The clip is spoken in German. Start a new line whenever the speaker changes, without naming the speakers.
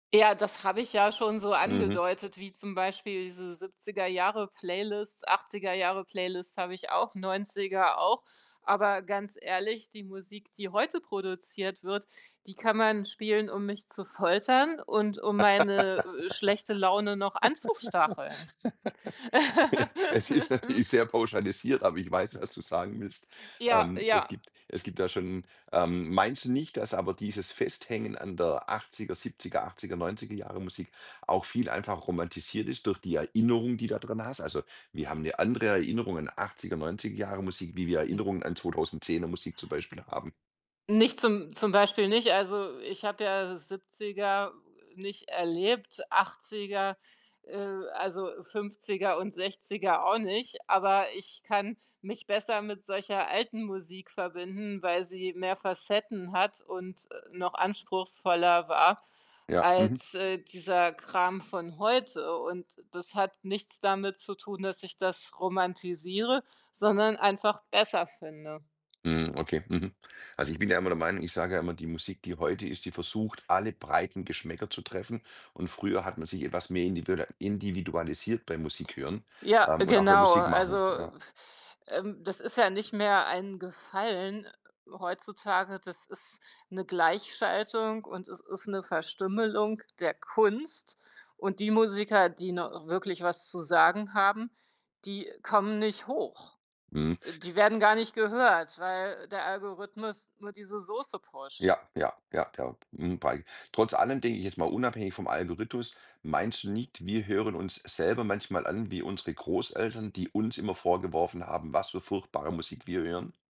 Ja, das habe ich ja schon so
Mhm.
angedeutet, wie zum Beispiel diese 70er Jahre Playlists, 80er Jahre Playlists habe ich auch, 90er auch. Aber ganz ehrlich, die Musik, die heute produziert wird, die kann man spielen, um mich zu foltern und um meine, äh, schlechte Laune noch anzustacheln.
Es ist natürlich sehr pauschalisiert, aber ich weiß, was du sagen willst.
Ja,
Ähm, es
ja.
gibt es gibt da schon, ähm meinst du nicht, dass aber dieses Festhängen an der 80er, 70er, 80er, 90er Jahre Musik auch viel einfach romantisiert ist durch die Erinnerung, die du da dran hast? Also, wir haben ’ne andere Erinnerung an 80er, 90er Jahre Musik, wie wir
Mm.
Erinnerungen an 2010er Musik zum Beispiel haben.
Nicht zum zum Beispiel nicht, also ich habe ja 70er nicht erlebt, 80er, äh, also 50er und 60er auch nicht, aber ich kann mich besser mit solcher alten Musik verbinden, weil sie mehr Facetten hat und, äh, noch anspruchsvoller war
Ja, mhm.
als, äh, dieser Kram von heute und das hat nichts damit zu tun, dass ich das romantisiere, sondern einfach besser finde.
Mm, okay, mhm. Also ich bin ja immer der Meinung ich sage ja immer, die Musik, die heute ist, die versucht alle breiten Geschmäcker zu treffen und früher hat man sich etwas mehr individa individualisiert bei Musikhören,
Ja,
ähm, und auch beim
genau,
Musik machen,
also,
ja.
ähm, das ist ja nicht mehr ein Gefallen heutzutage, das ist ’ne Gleichschaltung und es ist ’ne Verstümmelung der Kunst und die Musiker, die noch wirklich was zu sagen haben, die kommen nicht hoch.
Mhm.
Äh, die werden gar nicht gehört, weil der Algorithmus nur diese Soße pusht.
Ja, ja, ja, perb hm, bei trotz allem, denke ich, jetzt mal unabhängig vom Algorithmus, meinst du nicht, wir hören uns selber manchmal an wie unsere Großeltern, die uns immer vorgeworfen haben, was für furchtbare Musik wir hören?